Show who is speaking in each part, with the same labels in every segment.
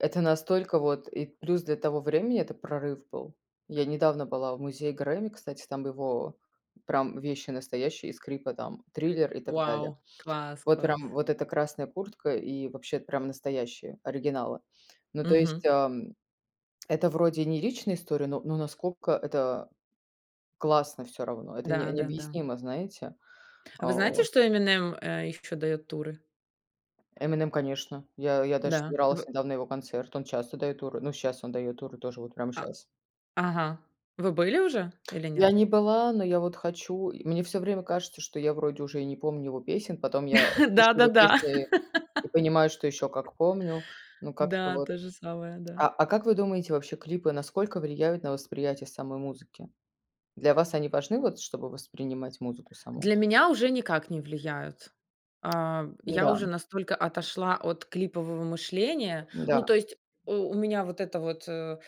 Speaker 1: Это настолько вот и плюс для того времени, это прорыв был. Я недавно была в музее "Грэмми", кстати, там его прям вещи настоящие, и скрипы там, "Триллер" и так далее.
Speaker 2: Вау, класс
Speaker 1: Вот прям
Speaker 2: класс.
Speaker 1: вот эта красная куртка, и вообще прям настоящие оригиналы. Ну, то есть,
Speaker 2: Мгм.
Speaker 1: ам, это вроде не личная история, но но насколько это классно всё равно, это не
Speaker 2: Да да да.
Speaker 1: необъяснимо, знаете.
Speaker 2: А
Speaker 1: А
Speaker 2: вы знаете,
Speaker 1: вот.
Speaker 2: что Эминем, э, ещё даёт туры?
Speaker 1: "Эминем", конечно. Я я даже
Speaker 2: Да,
Speaker 1: собиралась
Speaker 2: в
Speaker 1: недавно на его концерт, он часто дает туры. Ну, сейчас он дает туры тоже, вот прямо
Speaker 2: А,
Speaker 1: щас.
Speaker 2: ага. Вы были уже или нет?
Speaker 1: Я не была, но я вот хочу. И мне всё время кажется, что я вроде уже и не помню его песен, потом я слышу
Speaker 2: Да да
Speaker 1: его
Speaker 2: да.
Speaker 1: песни и понимаю, что еще как помню. Ну, как-то
Speaker 2: Да.
Speaker 1: вот
Speaker 2: То же самое, да.
Speaker 1: А, а как вы думаете, вообще клипы насколько влияют на восприятие самой музыки? Для вас они важны, вот чтобы воспринимать музыку саму?
Speaker 2: Для меня уже никак не влияют. А, я
Speaker 1: Да.
Speaker 2: уже настолько отошла от клипового мышления. Ну,
Speaker 1: Да.
Speaker 2: то есть, э, у меня вот это вот, э,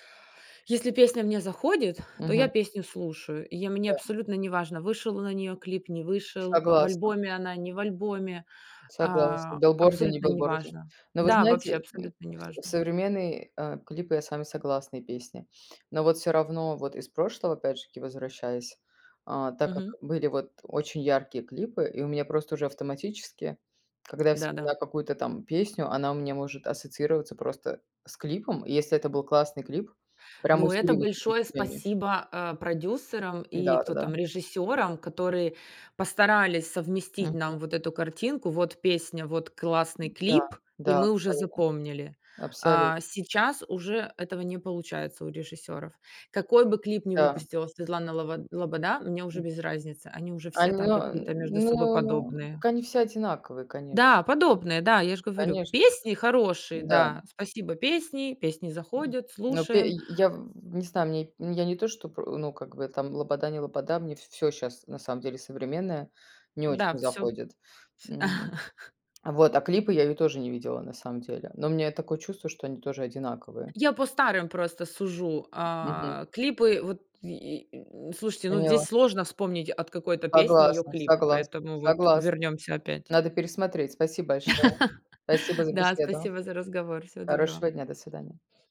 Speaker 2: если песня мне заходит, то я
Speaker 1: Мгм.
Speaker 2: песню слушаю, и я мне
Speaker 1: Да.
Speaker 2: абсолютно неважно, вышел на нее клип, не вышел, в
Speaker 1: Согласна.
Speaker 2: альбоме она, не в альбоме,
Speaker 1: Согласна.
Speaker 2: а,
Speaker 1: Билборде не
Speaker 2: абсолютно
Speaker 1: билборде.
Speaker 2: неважно.
Speaker 1: Но вы
Speaker 2: Да, вообще
Speaker 1: знаете, м,
Speaker 2: абсолютно
Speaker 1: в сов
Speaker 2: неважно.
Speaker 1: современные, а, клипы, я с вами согласна, и песни. Но вот всё равно, вот из прошлого опять же таки возвращаясь, а, так как
Speaker 2: Мгм.
Speaker 1: были вот очень яркие клипы, и у меня просто уже автоматически, когда я
Speaker 2: Да да.
Speaker 1: вспоминаю какую-то там песню, она у меня может ассоциироваться просто с клипом, если это был классный клип, прям
Speaker 2: Ну, это
Speaker 1: усиливается
Speaker 2: большое
Speaker 1: впечатление.
Speaker 2: спасибо, а, продюсерам и
Speaker 1: Да да
Speaker 2: кто
Speaker 1: да.
Speaker 2: там режиссёрам, которые постарались совместить
Speaker 1: Мгм.
Speaker 2: нам вот эту картинку. Вот песня, вот классный
Speaker 1: Да
Speaker 2: клип, и
Speaker 1: да,
Speaker 2: мы уже
Speaker 1: абсолютно,
Speaker 2: запомнили.
Speaker 1: абсолю
Speaker 2: А, сейчас уже этого не получается у режиссёров. Какой бы клип ни
Speaker 1: Да.
Speaker 2: выпустила Светлана Лобо Лобода, мне уже
Speaker 1: М.
Speaker 2: без разницы, они уже
Speaker 1: А,
Speaker 2: все там
Speaker 1: но,
Speaker 2: какие-то между собой
Speaker 1: ну,
Speaker 2: подобные.
Speaker 1: так они все одинаковые, конеч
Speaker 2: Да, подобные, да, я же говорю,
Speaker 1: Конечно.
Speaker 2: песни хорошие.
Speaker 1: Да.
Speaker 2: Да, спасибо, песни песни заходят,
Speaker 1: Ну, пе
Speaker 2: слушаем.
Speaker 1: я, я в не знаю, мне я не то что про, ну, как бы там, Лобода не Лобода, мне в всё сейчас на самом деле современное не очень
Speaker 2: Да, всё
Speaker 1: заходит.
Speaker 2: Вс.
Speaker 1: Мгм. А, вот. А клипы я ее тоже не видела на самом деле, но у меня такое чувство, что они тоже одинаковые.
Speaker 2: Я по старым просто сужу,
Speaker 1: Мгм.
Speaker 2: а, клипы Вот й и слушайте, ну, здесь
Speaker 1: Поняла.
Speaker 2: сложно вспомнить от какой-то песни её
Speaker 1: Согласна
Speaker 2: клип,
Speaker 1: согласна
Speaker 2: поэтому вот
Speaker 1: согласна.
Speaker 2: вернёмся опять
Speaker 1: Надо пересмотреть. Спасибо большое. Спасибо за
Speaker 2: Да,
Speaker 1: беседу.
Speaker 2: спасибо за разговор. Всего доброго.
Speaker 1: Хорошего дня. До свидания.